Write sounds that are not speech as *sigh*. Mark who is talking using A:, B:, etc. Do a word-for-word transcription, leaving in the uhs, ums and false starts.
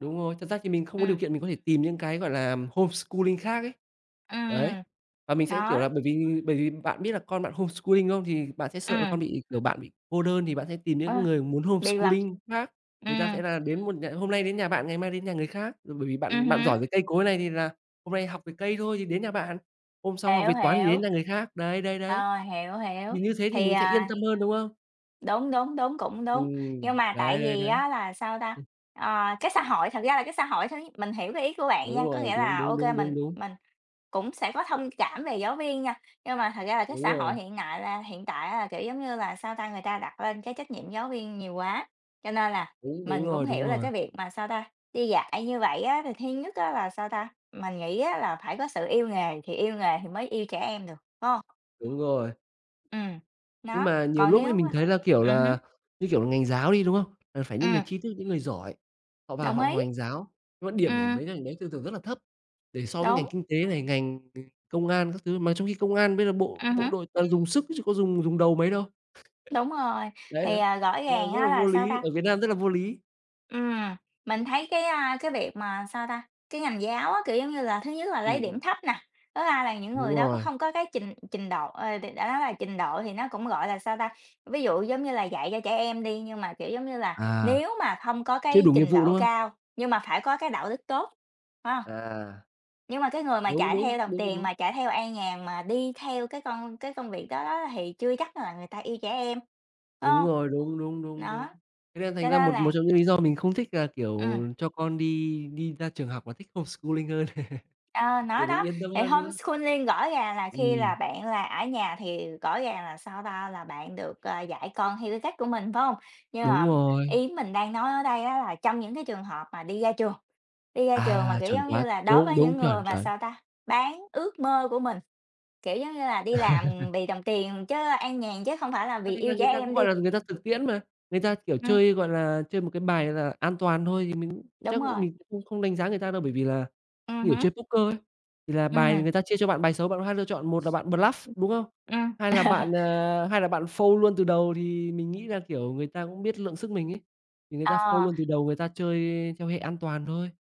A: Đúng rồi, thật ra thì mình không có điều
B: Ừm.
A: kiện mình có thể tìm những cái, gọi là, homeschooling khác ấy.
B: Ừm,
A: Đấy.
B: ừm.
A: Và mình sẽ, kiểu, là
B: Đó.
A: bởi vì bởi vì bạn biết là con bạn homeschooling không? Thì bạn sẽ sợ là
B: Ừm.
A: con bị kiểu, bạn bị cô đơn thì bạn sẽ tìm
B: Ờ.
A: những người muốn
B: Biệt lập.
A: homeschooling khác. Người ta
B: Ừm.
A: sẽ là đến một nh hôm nay đến nhà bạn ngày mai đến nhà người khác, ờ, bởi vì
B: Ừm
A: bạn bạn
B: hứm.
A: giỏi về cây cối này thì là hôm nay học về cây thôi thì đến nhà bạn, hôm sau học
B: Hiểu,
A: về toán thì đến
B: hiểu.
A: nhà người khác. Đấy, đấy, đấy.
B: Ờ, hiểu, hiểu.
A: Mình như thế thì
B: Thì,
A: mình sẽ yên
B: à
A: tâm hơn, đúng không?
B: Đúng, đúng, đúng, cũng đúng. Nhưng
A: Ừm,
B: mà tại
A: đấy đấy
B: vì
A: đấy.
B: á là sao ta?
A: Ừm.
B: Ờ, cái xã hội, thật ra là cái xã hội thôi ấy, mình hiểu cái ý của bạn
A: Đúng
B: nha, có
A: rồi,
B: nghĩa
A: đúng,
B: là
A: đúng,
B: OK
A: đúng,
B: mình
A: đúng, đúng.
B: mình cũng sẽ có thông cảm về giáo viên nha, nhưng mà thật ra là cái
A: Đúng
B: xã hội
A: rồi.
B: hiện nại là hiện tại á là, kiểu giống như là, sao ta? Người ta đặt lên cái trách nhiệm giáo viên nhiều quá, cho nên là
A: Đúng, đúng
B: mình cũng
A: rồi, đúng
B: hiểu là
A: rồi.
B: cái việc mà sao ta? Đi dạy như vậy á, thì thứ nhất á là sao ta? Mình nghĩ á là phải có sự yêu nghề thì yêu nghề thì mới yêu trẻ em được, phải hông?
A: Đúng rồi.
B: Ừm.
A: Nhưng
B: Nó,
A: mà nhiều
B: còn
A: lúc ấy,
B: nếu,
A: mình
B: a
A: thấy là, kiểu
B: ừm hứm.
A: là, như kiểu là, ngành giáo đi, đúng không? Là phải những người
B: Ừm.
A: tri thức, những người giỏi, họ vào
B: Đồng
A: họ học
B: ý.
A: ngành giáo, nhưng mà điểm của
B: Ừm.
A: mấy cái ngành đấy thường thường rất là thấp để so với ngành
B: Đúng.
A: kinh tế này, ngành ng công an các thứ, mà trong khi công an bây giờ bộ
B: Ừm
A: bộ
B: hứm.
A: đội toàn dùng sức chứ có dùng dùng đầu mấy đâu.
B: Đúng rồi,
A: *laughs* Đấy,
B: thì,
A: đấy,
B: à, rõ
A: cho nên
B: ràng
A: rất
B: á
A: là
B: là
A: vô
B: sao
A: lý,
B: ta?
A: ở Việt Nam rất là vô lý.
B: Ừm. Mình thấy cái, a, cái việc mà sao ta? Cái ngành giáo á, kiểu giống như là, thứ nhất là lấy
A: Ừm, ừm.
B: điểm thấp nè, thứ hai là những người
A: Đúng
B: đó có
A: rồi.
B: không có cái trình trình độ, ờ, đ đã nói là trình độ thì nó cũng, gọi là, sao ta? Ví dụ, giống như là, dạy cho trẻ em đi, nhưng mà, kiểu giống như là,
A: À.
B: nếu mà không có
A: Chưa
B: cái
A: đủ nghiệp
B: trình
A: vụ,
B: độ
A: đúng không?
B: cao, nhưng mà phải có cái đạo đức tốt, phải hông?
A: À.
B: Nhưng mà cái người mà
A: Đúng,
B: chạy
A: đúng,
B: theo đồng
A: đúng,
B: tiền
A: đúng.
B: mà chạy theo an nhàn mà đi theo cái con cái công việc đó đó thì chưa chắc là người ta yêu trẻ em, phải
A: Đúng
B: hông?
A: rồi, đúng, đúng, đúng, đúng.
B: Đó.
A: Thế nên thành
B: Cho
A: ra
B: nên
A: một
B: là
A: một trong những lý do mình không thích là,
B: Ừm.
A: kiểu, cho con đi đi ra trường học mà thích homeschooling hơn.
B: Ờ,
A: *chuckles*
B: nó
A: Kiểu mình
B: đó,
A: yên tâm
B: thì
A: hơn, đúng không?
B: homeschooling gõ ràng là khi là
A: Ừm.
B: bạn là ở nhà thì gõ ràng là sao ta? Là bạn được, à, dạy con theo cái cách của mình, phải hông? Nhưng
A: Đúng
B: mà
A: rồi.
B: ý mình đang nói ở đây á là trong những cái trường hợp mà đi ra trường, đi ra trường mà,
A: À,
B: kiểu
A: chuẩn
B: giống
A: quá,
B: như là, đối
A: đúng,
B: với
A: đúng,
B: những
A: chuẩn,
B: người mà
A: chuẩn.
B: sao ta? Bán ước mơ của mình, kiểu giống như là, đi làm
A: *chuckles*
B: vì đồng tiền chứ an nhàn, chứ không phải là
A: Thế
B: vì
A: thì là
B: yêu trẻ
A: người ta cũng,
B: em đi.
A: gọi là, người ta thực tiễn mà, người ta, kiểu,
B: Ừm.
A: chơi, gọi là, chơi một cái bài là an toàn thôi thì mình chắc
B: Đúng
A: cũng
B: rồi.
A: mình cũng không không đánh giá người ta đâu, bởi vì là
B: Ừm
A: người
B: hứm.
A: chơi Poker ấy, thì là bài
B: Ừm.
A: người ta chia cho bạn bài xấu bạn có hai lựa chọn, một là bạn bluff đúng không?
B: Ừm, ừm.
A: Hai là bạn,
B: *chuckles*
A: à, hai là bạn fold luôn từ đầu thì mình nghĩ là, kiểu, người ta cũng biết lượng sức mình ấy, thì người ta fold
B: Ờ.
A: luôn từ đầu người ta chơi theo hệ an toàn thôi.